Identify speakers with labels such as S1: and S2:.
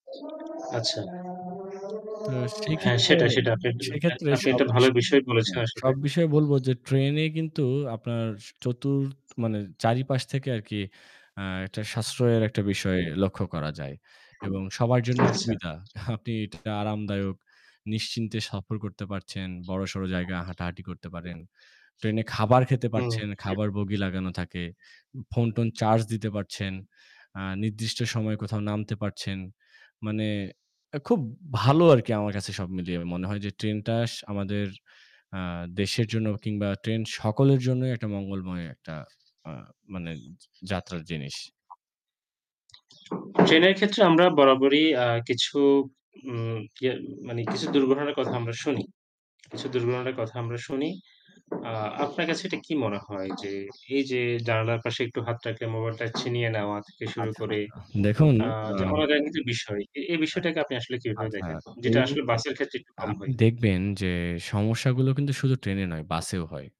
S1: আচ্ছা।
S2: তো
S1: হ্যাঁ,
S2: সেক্ষেত্রে,
S1: সেটা, সেটা আপনি একটা [unintelligible]
S2: সেক্ষেত্রে
S1: আপনি
S2: সব
S1: একটা ভালো বিষয়
S2: [unintelligible]
S1: বলেছেন আসলে।
S2: সব বিষয়ে বলব যে ট্রেন এ কিন্তু আপনার ৪র্থ মানে চারিপাশ থেকে আরকি আ একটা সাশ্রয়ের একটা বিষয় লক্ষ্য করা যায়। এবং সবার জন্য
S1: আচ্ছা।
S2: সুবিধা। আপনি এটা আরামদায়ক নিশ্চিন্তে সফর করতে পারছেন। বড়সড় জায়গায় হাঁটাহাঁটি করতে পারেন। ট্রেন এ খাবার খেতে
S1: হুম।
S2: পারছেন, খাবার বগি লাগানো থাকে। ফোন-টোন চার্জ দিতে পারছেন। আ নির্দিষ্ট সময়ে কোথাও নামতে পারছেন। মানে অ্যা খুব ভালো আরকি আমার কাছে সব মিলিয়ে। মনে হয় যে ট্রেন টা আমাদের আ দেশের জন্যই কিংবা ট্রেন সকলের জন্যই একটা মঙ্গলময় একটা আ মানে যাত্রার জিনিস।
S1: ট্রেন এর ক্ষেত্রে আমরা বরাবরই আ কিছু উম কিয়া মানে কিছু দুর্ঘটনার কথা আমরা শুনি। কিছু দুর্ঘটনার কথা আমরা শুনি। আ আপনার কাছে এটা কি মনে হয় যে এই যে জানালার পাশে একটু হাত রাখলে মোবাইলটা ছিনিয়ে নেওয়া থেকে শুরু
S2: আচ্ছা,
S1: করে
S2: আচ্ছা। দেখুন,
S1: আ
S2: আ
S1: যে অনাকাঙ্ক্ষিত বিষয়। এ এই
S2: হ্যাঁ।
S1: বিষয়টাকে আপনি আসলে কিভাবে
S2: আচ্ছা
S1: দেখেন? যেটা
S2: এই
S1: আসলে বাসের ক্ষেত্রে একটু কম
S2: আপনি
S1: হয়।
S2: দেখবেন যে সমস্যাগুলো কিন্তু শুধু ট্রেন এ নয়, বাসেও হয়।